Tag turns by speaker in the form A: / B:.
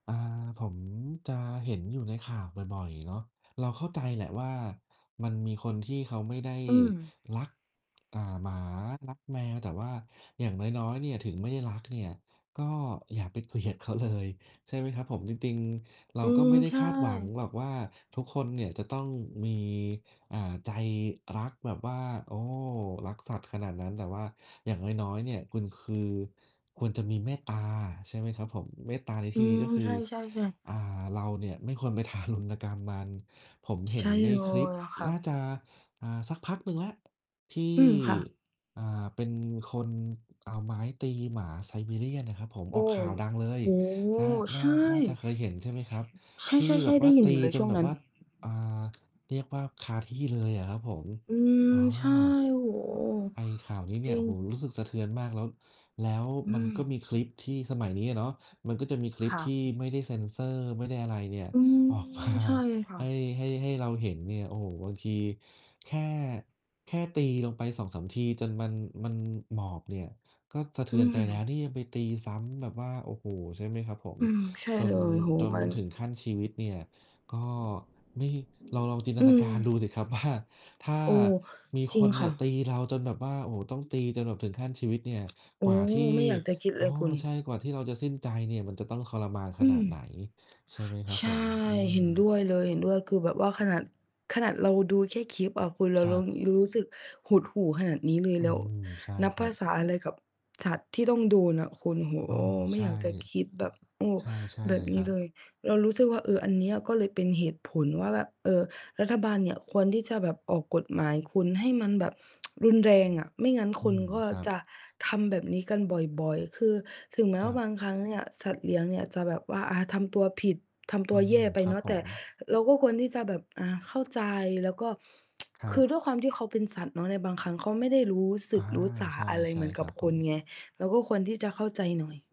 A: อ่า ผมจะเห็นอยู่ในข่าวบ่อย ๆ เนาะ เราเข้าใจแหละว่า มันมีคนที่เขาไม่ได้
B: อืม
A: รัก อ่า หมารักแมวแต่ว่าอย่างน้อย ๆ เนี่ยถึงไม่ได้รักเนี่ยก็อย่าไป เกลียดเขา เลยใช่ไหมครับผม จริง ๆ เรา
B: อื
A: ก็
B: ม
A: ไม่ได้
B: ใช
A: ค
B: ่
A: าดหวังหรอกว่าทุกคนเนี่ยจะต้องมี เอ่อ ใจรักแบบว่า โอ้ รักสัตว์ขนาดนั้น แต่ว่าอย่างน้อย ๆ เนี่ย คุณคือ ควรจะมีเมตตาใช่ไหมครับผม เมตตาในท
B: อื
A: ี่นี้
B: ม
A: ก็คื
B: ใช
A: อ
B: ่ ๆ ๆ
A: อ่า เราเนี่ยไม่ควรไปทารุณกรรมมัน ผมเห
B: ใ
A: ็
B: ช
A: น
B: ่
A: ใน
B: เล
A: คลิป
B: ย ค่ะ
A: น่าจะ อ่า สักพักหนึ่งแล้วที่
B: อืม ค่ะ
A: อ่า เป็นคนเอาไม้ตีหมาไซบีเรียนนะครับผม
B: โ
A: อ
B: อ
A: อก
B: ้
A: ข่าวดังเลย
B: โอ้โฮ
A: น่า น่
B: ใช
A: า
B: ่
A: น่าจะเคยเห็นใช่ไหมครับ?
B: ใ
A: ที่
B: ช่ ๆ
A: แบบ
B: ๆ ๆ ไ
A: ว
B: ด
A: ่า
B: ้ยิ
A: ต
B: น
A: ี
B: อยู่เลย
A: จ
B: ช
A: น
B: ่วง
A: แบ
B: น
A: บ
B: ั้
A: ว
B: น
A: ่า อ่า เรียกว่าคาที่เลยอะครับผม
B: อื
A: อ๋
B: ม
A: อ
B: ใช่ โอ้โฮ
A: ไอ้ข่าวนี้เน
B: จ
A: ี่
B: ร
A: ย
B: ิ
A: โอ้
B: ง
A: โฮ รู้สึกสะเทือนมาก แล้ว แล้ว
B: อื
A: มัน
B: ม
A: ก็มีคลิปที่สมัยนี้เนาะ มันก็จะมีคลิ
B: ค
A: ป
B: ่ะ
A: ที่ไม่ได้เซนเซอร์ ไม่ได้อะไรเนี่ย
B: อืม
A: ออกมา
B: ใช่ค่
A: ให
B: ะ
A: ้ ให้ ให้เราเห็นเนี่ย โอ้โฮ บางทีแค่ แค่ตีลงไป 2-3 ทีจนมัน มันหมอบเนี่ย ก็สะเท
B: อ
A: ื
B: ื
A: อนใจแล้ว
B: ม
A: นี่ยังไปตีซ้ำแบบว่า โอ้โฮ ใช่ไหมครับผม
B: อืม ใช่
A: จ
B: เ
A: น
B: ลย โอ้โ
A: จ
B: ฮ
A: น
B: มั
A: มัน
B: น
A: ถึงขั้นชีวิตเนี่ยก็ไม่ เราลองจินต
B: อื
A: นาก
B: อ
A: ารดูสิครับว่า ถ้า
B: โอ้
A: มี
B: จร
A: ค
B: ิง
A: นเน
B: ค
A: ี่
B: ่ะ
A: ยตีเราจนแบบว่า โอ้โฮ ต้องตีจนถึงขั้นชีวิตเนี่ย
B: โอ
A: กว
B: ้
A: ่าที่
B: ไม่ ไม่อยากจะคิด
A: อ
B: เล
A: ๋อ
B: ยคุณ
A: ใช่ กว่าที่เราจะสิ้นใจเนี่ย มันจะต้องทรมานข
B: อื
A: นาดไหน
B: ม
A: ใช่ไหมครับ
B: ใช
A: ผ
B: ่
A: ม อื
B: เห็นด
A: ม
B: ้วยเลย เห็นด้วย คือแบบว่าขนาด ขนาดเราดูแค่คลิปอะคุณ เร
A: ค
B: า
A: ร
B: เ
A: ั
B: รา
A: บ
B: รู้สึกหดหู่ขนาดนี้เลย
A: อื
B: แล้ว
A: ม ใช่
B: นับ
A: คร
B: ภ
A: ั
B: า
A: บ
B: ษาอะไรกับ สัตว์ที่ต้องโดนน่ะคุณ โอ้โฮ
A: อ๋อ
B: ไม
A: ใ
B: ่
A: ช่
B: อยากจะคิดแบบ โอ้
A: ใช่
B: แบ
A: ๆ เล
B: บ
A: ย
B: น
A: ค
B: ี
A: ร
B: ้
A: ับ
B: เลย เรารู้สึกว่า เออ อันเนี้ยก็เลยเป็นเหตุผลว่าแบบ เออ รัฐบาลเนี่ยควรที่จะแบบออกกฎหมายคุณ ให้มันแบบ รุนแรงอะ ไม่งั้น
A: อื
B: คน
A: ม
B: ก็
A: ครั
B: จ
A: บ
B: ะทำแบบนี้กันบ่อย ๆ คือถึงแม
A: ค
B: ้ว
A: รั
B: ่า
A: บ
B: บางครั้งเนี่ย สัตว์เลี้ยงเนี่ยจะแบบว่า อ่า ทำตัวผิด ทำต
A: อื
B: ัวแย่
A: ม
B: ไป
A: ครั
B: เน
A: บ
B: าะ
A: ผ
B: แต่
A: ม
B: เราก็ควรที่จะแบบ อ่า เข้าใจแล้วก็
A: คร
B: ค
A: ั
B: ื
A: บ
B: อด้วยความที่เค้าเป็นสัตว์เนาะ ในบางครั้งเขาไม่ได้รู้ส
A: อ
B: ึ
A: า
B: กรู้สา
A: ใช่
B: อะไร
A: ใช
B: เ
A: ่
B: หมือน
A: ค
B: กั
A: รั
B: บ
A: บผ
B: คน
A: ม
B: ไง เราก็ควรที่จะเข้าใจหน่อย